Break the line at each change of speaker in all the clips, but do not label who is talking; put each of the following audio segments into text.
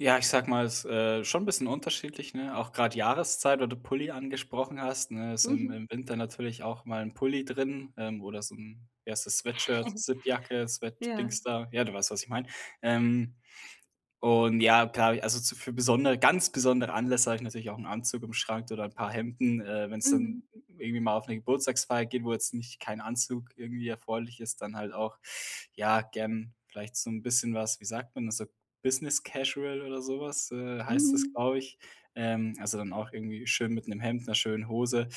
Ja, ich sage mal, ist, äh, schon 'n bisschen unterschiedlich, ne? Auch grad Jahreszeit, weil du Pulli angesprochen hast, ne? Ist im
Mhm.
im Winter natürlich auch mal 'n Pulli drin, ähm, oder so 'n, wie heißt das, Sweatshirt, Zippjacke, Sweat
Ja.
Dingsda, ja, du weißt, was ich mein. Ähm, und ja, klar, also so für besondere ganz besondere Anlässe habe ich natürlich auch 'n Anzug im Schrank oder 'n paar Hemden, äh, wenn's dann
Mhm.
irgendwie mal auf 'ne Geburtstagsfeier geht, wo jetzt nicht kein Anzug irgendwie erforderlich ist, dann halt auch, ja, gern vielleicht so 'n bisschen was, wie sagt man es, so Business Casual oder so was, äh, heißt das,
Mhm.
glaube ich, ähm, also dann auch irgendwie schön mit 'nem Hemd, 'ner schönen Hose.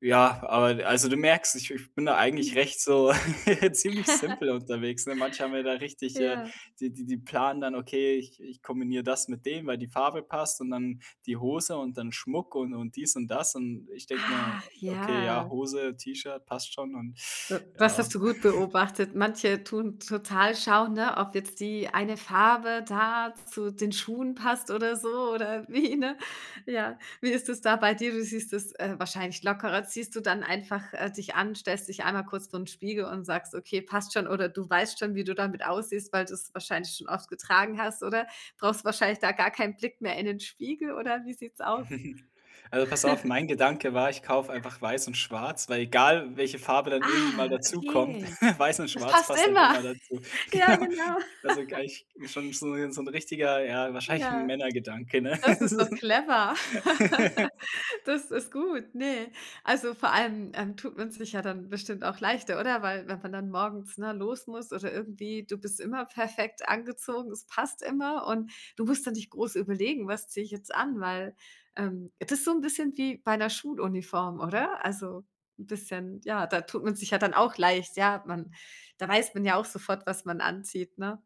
Ja, aber d also du merkst, ich ich bin da eigentlich
Mhm.
recht so, ziemlich simpel unterwegs, ne? Manche haben ja da richtig äh,
Ja.
die die die planen dann: „Okay, ich ich kombiniere das mit dem, weil die Farbe passt und dann die Hose und dann Schmuck“ und und dies und das. Und ich denke mir:
Ach,
„Okay,
ja.
ja, Hose, T-Shirt passt schon“ und
Äh, das hast
ja.
du gut beobachtet. Manche tun total schauen, ne, ob jetzt die eine Farbe da zu den Schuhen passt oder so oder wie, ne, ja. Wie ist es da bei dir? Du siehst es, äh, wahrscheinlich lockerer. Ziehst du dann einfach, äh, dich an, stellst dich einmal kurz vorn Spiegel und sagst: „Okay, passt schon.“ Oder du weißt schon, wie du damit aussiehst, weil du's wahrscheinlich schon oft getragen hast, oder? Brauchst wahrscheinlich da gar keinen Blick mehr in den Spiegel oder wie sieht's aus?
Also, pass auf, mein Gedanke war, ich kaufe einfach weiß und schwarz, weil egal welche Farbe dann irgendwie mal
Ah,
dazukommt,
okay.
weiß und
Es
schwarz
passt
passt halt
immer.
immer dazu.
Ja,
Genau,
genau.
also gleich schon so so 'n richtiger, ja, wahrscheinlich 'n
Ja.
Männergedanke, ne?
Das ist doch clever. Das ist gut, ne? Also vor allem, ähm, tut man sich ja dann bestimmt auch leichter, oder? Weil wenn man dann morgens, ne, los muss oder irgendwie du bist immer perfekt angezogen, es passt immer und du musst dann nicht groß überlegen: „Was ziehe ich jetzt an“, weil, ähm, das ist so 'n bisschen wie bei 'ner Schuluniform, oder? Also, 'n bisschen, ja, da tut man sich ja dann auch leicht, ja, man da weiß man ja auch sofort, was man anzieht, ne?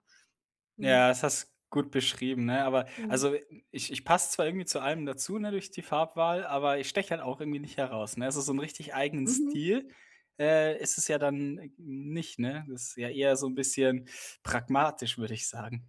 Mhm.
Ja, das hast gut beschrieben, ne, aber
Mhm.
also, ich ich passe zwar irgendwie zu allem dazu, ne, durch die Farbwahl, aber ich steche halt auch irgendwie nicht heraus, ne? Also so 'nen richtig eigenen
Mhm.
Stil, äh, ist es ja dann n nicht, ne, das ist ja eher so 'n bisschen pragmatisch, würde ich sagen.